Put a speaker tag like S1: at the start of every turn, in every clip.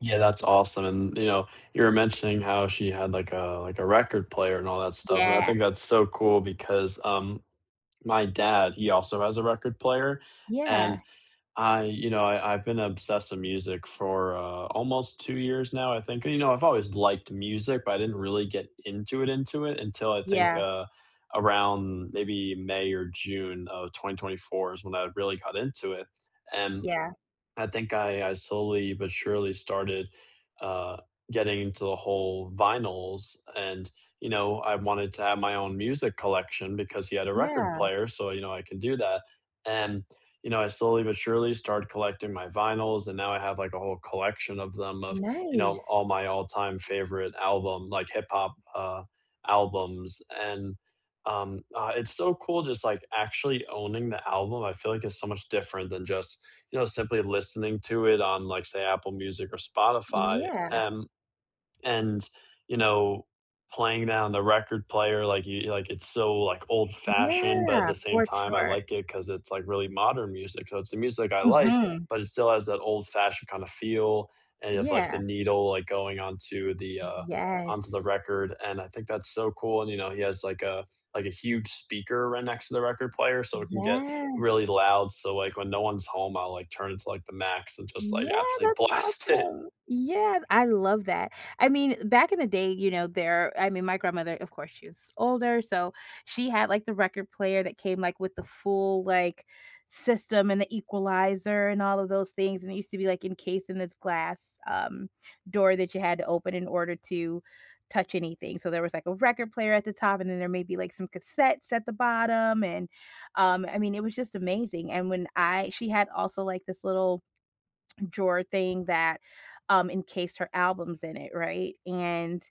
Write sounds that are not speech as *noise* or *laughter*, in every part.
S1: Yeah, that's awesome, and, you know, you were mentioning how she had, like, a like, a record player and all that stuff, and I
S2: Yeah.
S1: think that's so cool because, um, my dad, he also has a record player,
S2: Yeah.
S1: and I you know, I I've been obsessed with music for, uh, almost 2 years now, I think, and, you know, I've always liked music, but I didn't really get "into it" into it until I think,
S2: Yeah.
S1: uh, around maybe May or June of 2024 is when I really got into it, and
S2: Yeah.
S1: I think I I slowly but surely started, uh, getting into the whole vinyls and, you know, I wanted to have my own music collection because he had a record
S2: Yeah.
S1: player, so, you know, I can do that, and, you know, I slowly but surely started collecting my vinyls, and now I have, like, a whole collection of them, of, you know,
S2: Nice!
S1: all my all-time favorite album, like, hip-hop, uh, albums, and, um, I it's so cool just, like, actually owning the album, I feel like it's so much different than just, you know, simply listening to it on, like say Apple Music or Spotify,
S2: Yeah.
S1: and and, you know, playing down the record player, like you like, it's so, like, old-fashioned, but at
S2: Yeah!
S1: the same
S2: For
S1: time, I
S2: sure.
S1: like it 'cause it's, like, really modern music, so it's the music I like,
S2: Mhm.
S1: but it still has that old-fashioned kinda feel, and you have, like, the
S2: Yeah.
S1: needle, like, going onto the,
S2: Y
S1: uh onto the
S2: Yes.
S1: record, and I think that's so cool, and, you know, he has, like, a like, a huge speaker right next to the record player, so it can get really
S2: Yes!
S1: loud, so, like, when no one's home, I'll, like, turn it to, like, the max and just, like,
S2: Yeah,
S1: actually
S2: that's
S1: blast it.
S2: awesome! Yeah, I love that. I mean, back in the day, you know, there I mean, my grandmother, of course, she was older, so she had, like, the record player that came, like, with the full, like, system and the equalizer and all of those things, and it used to be, like, encased in this glass, um, door that you had to open in order to touch anything, so there was, like, a record player at the top, and then there may be, like, some cassettes at the bottom, and, um, I mean, it was just amazing, and when I she had also, like, this little *swallows* drawer thing, that, um, encased her albums in it, right? And,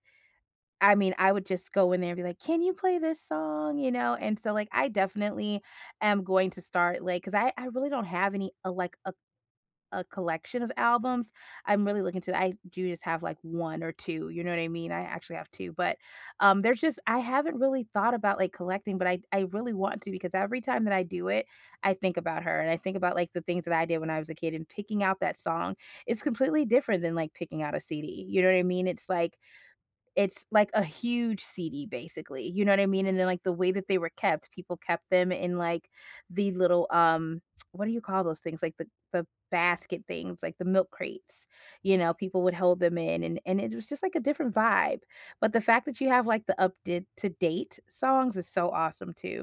S2: I mean, I would just go in there and be like, "Can you play this song?" You know, and so, like, I definitely am going to start, like 'cause I I really don't have any, uh, like, a a collection of albums. I'm really looking to I do just have, like, 1 or 2, you know what I mean? I actually have 2, but, um, there's just I haven't really thought about, like, collecting, but I I really want to, because every time that I do it, I think about her, and I think about, like, the things that I did when I was a kid and picking out that song is completely different than, like, picking out a CD, you know what I mean? It's like it's, like, a huge CD basically, you know what I mean? And then, like, the way that they were kept, people kept them in, like, the little, um *tsk* what do you call those things? Like, the the basket things, like, the milk crates. You know, people would hold them in, and and it was just, like, a different vibe. But the fact that you have, like, the up did to-date songs is so awesome too.